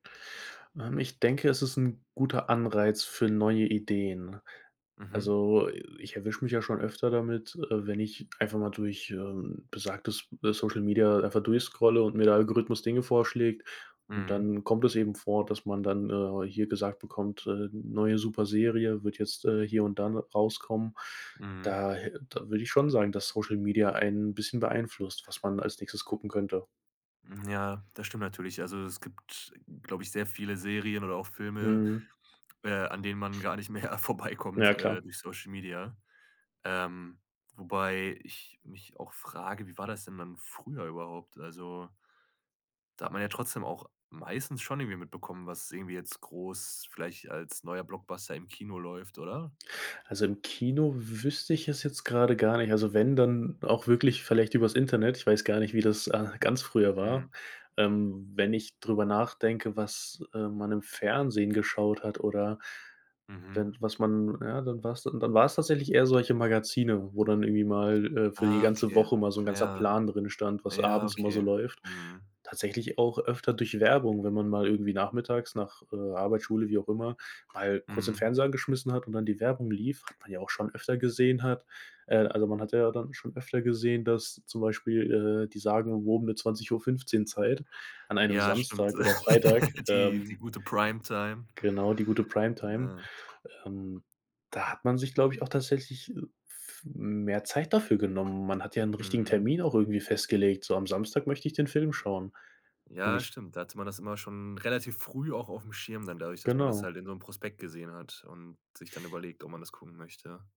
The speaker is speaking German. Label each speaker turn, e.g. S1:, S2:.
S1: Ähm, ich denke, es ist 'n guter Anreiz für neue Ideen.
S2: Mhm.
S1: Also, ich erwische mich ja schon öfter damit, äh, wenn ich einfach mal durch, ähm, besagtes, äh, Social Media einfach durchscrolle und mir der Algorithmus Dinge vorschlägt, und
S2: Mhm.
S1: dann kommt es eben vor, dass man dann, äh, hier gesagt bekommt: „Äh, neue super Serie wird jetzt, äh, hier und dann rauskommen.“
S2: Mhm.
S1: Da äh, da würde ich schon sagen, dass Social Media einen 'n bisschen beeinflusst, was man als Nächstes gucken könnte.
S2: Hm, ja, das stimmt natürlich. Also, es gibt, glaube ich, sehr viele Serien oder auch Filme,
S1: Mhm.
S2: äh, an denen man gar nicht mehr
S1: Ja,
S2: vorbeikommt,
S1: klar.
S2: äh, durch Social Media, ähm, wobei ich mich auch frage: „Wie war das denn dann früher überhaupt?” Also da hat man ja trotzdem auch meistens schon irgendwie mitbekommen, was irgendwie jetzt groß vielleicht als neuer Blockbuster im Kino läuft, oder?
S1: Also, im Kino wüsste ich es jetzt grade gar nicht, also, wenn dann auch wirklich vielleicht über's Internet ich weiß gar nicht, wie das, äh, ganz früher
S2: Mhm.
S1: war, ähm, wenn ich drüber nachdenke, was, äh, man im Fernsehen geschaut hat oder
S2: Mhm.
S1: wenn was man ja, dann war's dann war's tatsächlich eher solche Magazine, wo dann irgendwie mal, äh, für die
S2: Ah,
S1: ganze
S2: okay.
S1: Woche mal so 'n ganzer
S2: Ja.
S1: Plan drinstand, was
S2: Ja,
S1: abends immer so
S2: okay.
S1: läuft.
S2: Mhm.
S1: Tatsächlich auch öfter durch Werbung, wenn man mal irgendwie nachmittags nach, äh, Arbeit, Schule, wie auch immer, mal kurz den
S2: Mhm.
S1: Fernseher angeschmissen hat und dann die Werbung lief hat man ja auch schon öfter gesehen hat äh, also man hatte ja dann schon öfter gesehen, dass zum Beispiel, äh, die sagen, wo um die 20:15 Zeit an einem
S2: Ja, stimmt.
S1: Samstag oder Freitag,
S2: Die
S1: ähm
S2: die gute Prime-Time.
S1: Genau, die gute Prime-Time,
S2: Ja.
S1: ähm, da hat man sich, glaube ich, auch tatsächlich, äh, f mehr Zeit dafür genommen. Man hat ja 'n richtigen
S2: Mhm.
S1: Termin auch irgendwie festgelegt: „So am Samstag möchte ich den Film schauen.” Und
S2: Ja,
S1: nicht
S2: stimmt. Da hatte man das immer schon relativ früh auch auf'm Schirm dann dadurch, dass man das
S1: Genau.
S2: halt in so 'nem Prospekt gesehen hat und sich dann überlegt, ob man das gucken möchte.